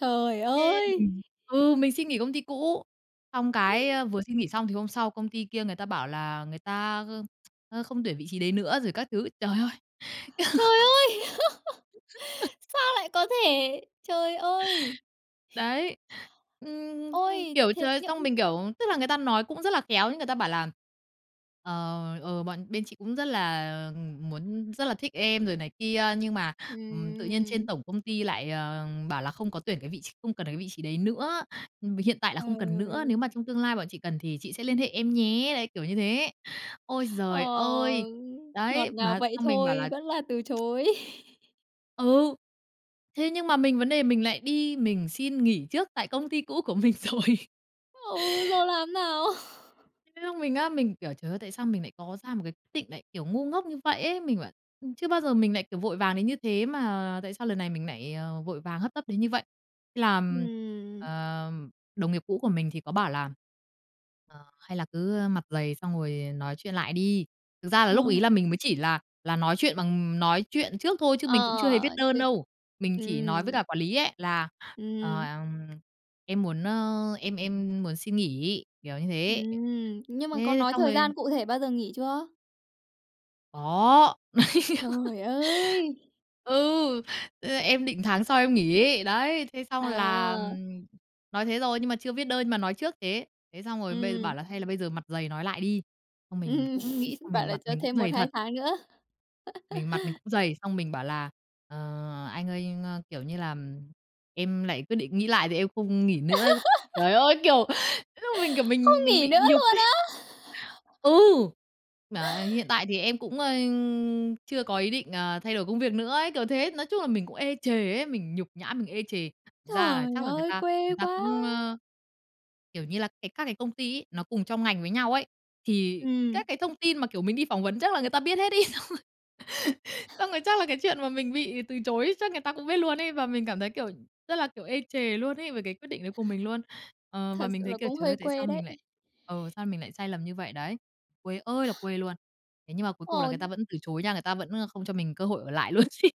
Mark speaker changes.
Speaker 1: Trời
Speaker 2: Thế
Speaker 1: ơi!
Speaker 2: mình ừ, mình xin nghỉ công ty cũ, xong cái, ơ, vừa xin nghỉ xong thì hôm sau công ty kia người ta bảo là người ta, ơ, ơ, không tuyển vị trí đấy nữa rồi các thứ. Trời ơi!
Speaker 1: Trời ơi! Sao lại có thể! Trời ơi!
Speaker 2: Đấy. Ừm, ừm,
Speaker 1: Ôi!
Speaker 2: kiểu,
Speaker 1: Thế
Speaker 2: trời ơi
Speaker 1: nhưng
Speaker 2: xong mình, kiểu, tức là người ta nói cũng rất là khéo. Người ta bảo là, ờ, ờ, "Bọn bên chị cũng rất là, ừm, muốn rất là thích em rồi này kia, nhưng mà, ừm, tự nhiên trên
Speaker 1: Ừm!
Speaker 2: tổng công ty lại, ờ, bảo là không có tuyển cái vị tr không cần cái vị trí đấy nữa, ừm, vì hiện tại là không cần nữa. Nếu
Speaker 1: Trời.
Speaker 2: mà trong tương lai bọn chị cần thì chị sẽ liên hệ em nhé." Đấy, kiểu như thế. Ôi giời ơi!
Speaker 1: Ờ. Ngọt
Speaker 2: Đấy,
Speaker 1: ngào
Speaker 2: mà
Speaker 1: vậy
Speaker 2: xong mình bảo
Speaker 1: thôi,
Speaker 2: là
Speaker 1: vẫn là từ chối.
Speaker 2: Ừ. Thế nhưng mà mình vấn đề mình lại đi mình xin nghỉ trước tại công ty cũ của mình rồi.
Speaker 1: Ừ, rồi làm thế nào?
Speaker 2: Cái lúc mình á, mình kiểu: "Trời ơi, tại sao mình nại có ra một cái quyết định nại, kiểu, ngu ngốc như vậy ấy?" Mình bảo, ừm, chưa bao giờ mình nại, kiểu, vội vàng đến như thế, mà tại sao lần này mình nại, à, vội vàng hấp tấp đến như vậy. Làm,
Speaker 1: Ừm.
Speaker 2: ờ, đồng nghiệp cũ của mình thì có bảo là, ờ, "Hay là cứ, ơ, mặt dày, xong rồi, ờ, nói chuyện lại đi." Thực ra là lúc ấy
Speaker 1: Rồi.
Speaker 2: là mình mới chỉ là là nói chuyện bằng nói chuyện trước thôi chứ mình cũng chưa hề viết
Speaker 1: Ờ.
Speaker 2: đơn
Speaker 1: Thế
Speaker 2: đâu. Mình chỉ nói với
Speaker 1: ừm.
Speaker 2: cả quản lý ấy là,
Speaker 1: Ừm,
Speaker 2: ờ,
Speaker 1: ừm.
Speaker 2: em em muốn, ơ, em em muốn xin nghỉ, kiểu như thế.
Speaker 1: Ừm, nhưng mà có
Speaker 2: Thế
Speaker 1: nói
Speaker 2: xong
Speaker 1: thời gian
Speaker 2: rồi
Speaker 1: cụ thể bao giờ nghỉ chưa?
Speaker 2: Có.
Speaker 1: Trời ơi!
Speaker 2: Ừ. Ơ, em định tháng sau em nghỉ. Đấy, thế xong là,
Speaker 1: À.
Speaker 2: ừm, nói thế rồi nhưng mà chưa viết đơn nhưng mà nói trước thế. Thế xong rồi bây bảo
Speaker 1: Ừm.
Speaker 2: là hay là bây giờ mặt dày nói lại đi, xong mình
Speaker 1: Ừm,
Speaker 2: cũng nghĩ xong
Speaker 1: bảo
Speaker 2: mình
Speaker 1: là
Speaker 2: mặt
Speaker 1: cho
Speaker 2: mình cũng
Speaker 1: thêm một
Speaker 2: dày
Speaker 1: hai
Speaker 2: thật.
Speaker 1: tháng nữa.
Speaker 2: Mình mặt mình cũng dày xong mình bảo là, ờ, "Anh ơi, anh, ơ, kiểu như là, em lại quyết định nghĩ lại thì em không nghỉ nữa." Trời ơi! Kiểu, mình, kiểu, lúc đó
Speaker 1: Không
Speaker 2: mình mình
Speaker 1: nghỉ nữa
Speaker 2: bị nhục
Speaker 1: luôn
Speaker 2: ấy.
Speaker 1: á?
Speaker 2: Ừ. "Mà, ơ, hiện tại thì em cũng, ơ, chưa có ý định, ờ, thay đổi công việc nữa ấy" kiểu thế, nói chung là mình cũng ê chề ấy, mình nhục nhã mình ê chề, thực ra là
Speaker 1: Trời
Speaker 2: chắc là người
Speaker 1: ơi,
Speaker 2: ta
Speaker 1: quê
Speaker 2: người ta
Speaker 1: quá!
Speaker 2: cũng, ơ, kiểu như là, cái các cái công ty ấy, nó cùng trong ngành với nhau ấy, thì
Speaker 1: Ừm.
Speaker 2: các cái thông tin mà, kiểu, mình đi phỏng vấn chắc là người ta biết hết ấy, xong rồi xong rồi chắc là cái chuyện mà mình bị từ chối chắc người ta cũng biết luôn ấy, và mình cảm thấy, kiểu, rất là, kiểu, ê chề luôn ấy về cái quyết định đấy của mình luôn. Ờ,
Speaker 1: Thật
Speaker 2: và mình
Speaker 1: sự
Speaker 2: thấy,
Speaker 1: là
Speaker 2: kiểu,
Speaker 1: cũng
Speaker 2: trời
Speaker 1: hơi
Speaker 2: ơi, tại sao
Speaker 1: quê đấy!
Speaker 2: mình lại, ừ, sao mình lại sai lầm như vậy đấy. Quê ơi là quê luôn! Thế nhưng mà cuối cùng là người
Speaker 1: Ồ!
Speaker 2: ta vẫn từ chối nha, người ta, ơ, vẫn không cho mình cơ hội ở lại luôn ấy.